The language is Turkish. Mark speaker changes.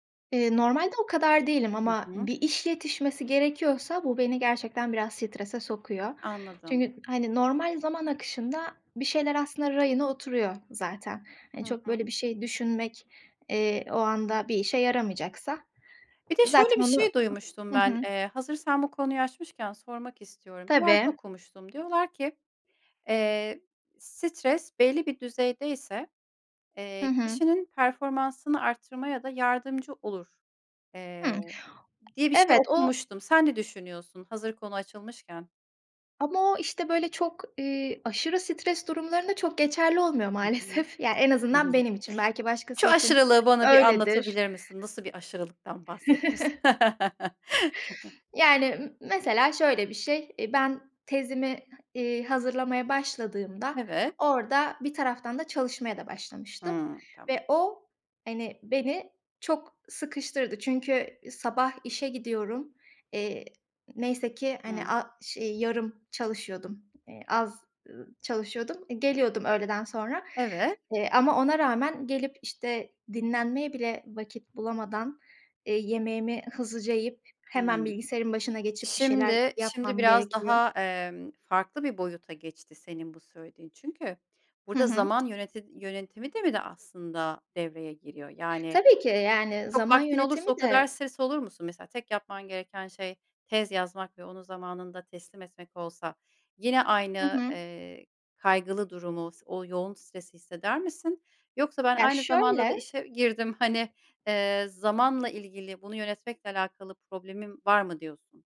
Speaker 1: Eee, normalde o kadar değilim
Speaker 2: Hı
Speaker 1: ama
Speaker 2: hı.
Speaker 1: bir iş yetişmesi gerekiyorsa bu beni gerçekten biraz strese sokuyor.
Speaker 2: Anladım.
Speaker 1: Çünkü hani normal zaman akışında bir şeyler aslında rayına oturuyor zaten. Hani
Speaker 2: Hı
Speaker 1: çok böyle
Speaker 2: hı.
Speaker 1: bir şey düşünmek, eee, o anda bir işe yaramayacaksa
Speaker 2: Bir de şöyle
Speaker 1: zaten
Speaker 2: bir
Speaker 1: onu
Speaker 2: şey duymuştum
Speaker 1: Hı
Speaker 2: ben.
Speaker 1: hı.
Speaker 2: Eee, hazırsan bu konuyu açmışken sormak istiyorum. Bir yerde
Speaker 1: Tabii.
Speaker 2: okumuştum diyorlar ki, "Eee, stres belli bir düzeyde ise,
Speaker 1: Hı
Speaker 2: eee,
Speaker 1: hı.
Speaker 2: kişinin performansını arttırmaya da yardımcı olur."
Speaker 1: Hıı,
Speaker 2: eee,
Speaker 1: ı
Speaker 2: diye bir şey
Speaker 1: evet, o
Speaker 2: okumuştum. Sen ne düşünüyorsun hazır konu açılmışken?
Speaker 1: Ama o, işte, böyle, çok, iii, aşırı stres durumlarında çok geçerli olmuyor
Speaker 2: Hı hı.
Speaker 1: maalesef. Yani en azından benim için belki başkası
Speaker 2: Şu
Speaker 1: için
Speaker 2: aşırılığı bana bir
Speaker 1: öyledir.
Speaker 2: anlatabilir misin? Nasıl bir aşırılıktan bahsediyorsun?
Speaker 1: Yani m mesela şöyle bir şey. E, ben tezimi, iii, hazırlamaya başladığımda
Speaker 2: Evet.
Speaker 1: orada bir taraftan da çalışmaya da başlamıştım
Speaker 2: Hıı, tamam.
Speaker 1: ve o hani beni çok sıkıştırdı. Çünkü sabah işe gidiyorum. Eee, neyse ki hani
Speaker 2: Hıı.
Speaker 1: a ş ııı, yarım çalışıyordum. Eee, az, ııı, çalışıyordum. I geliyordum öğleden sonra,
Speaker 2: Evet.
Speaker 1: eee, ama ona rağmen gelip, işte, dinlenmeye bile vakit bulamadan, eee, yemeğimi hızlıca yiyip hemen
Speaker 2: Hıı.
Speaker 1: bilgisayarın başına geçip bir şeyler
Speaker 2: Şimdi şimdi
Speaker 1: yapmam
Speaker 2: biraz
Speaker 1: gerekiyor.
Speaker 2: daha, emm, farklı bir boyuta geçti senin bu söylediğin. Çünkü
Speaker 1: Hı
Speaker 2: burada
Speaker 1: hı.
Speaker 2: zaman yöneti yönetimi de mi de aslında devreye giriyor? Yani
Speaker 1: Tabii ki, yani
Speaker 2: çok
Speaker 1: zaman
Speaker 2: vaktin
Speaker 1: yönetimi
Speaker 2: olursa o kadar
Speaker 1: de
Speaker 2: stres olur musun? Mesela tek yapman gereken şey tez yazmak ve onu zamanında teslim etmek olsa yine
Speaker 1: Hı
Speaker 2: aynı,
Speaker 1: hı.
Speaker 2: eee, kaygılı durumu s o yoğun stresi hisseder misin yoksa ben
Speaker 1: Ya
Speaker 2: aynı zamanda da
Speaker 1: şöyle
Speaker 2: işe girdim hani, eee, zamanla ilgili bunu yönetmekle alakalı problemim var mı diyorsun?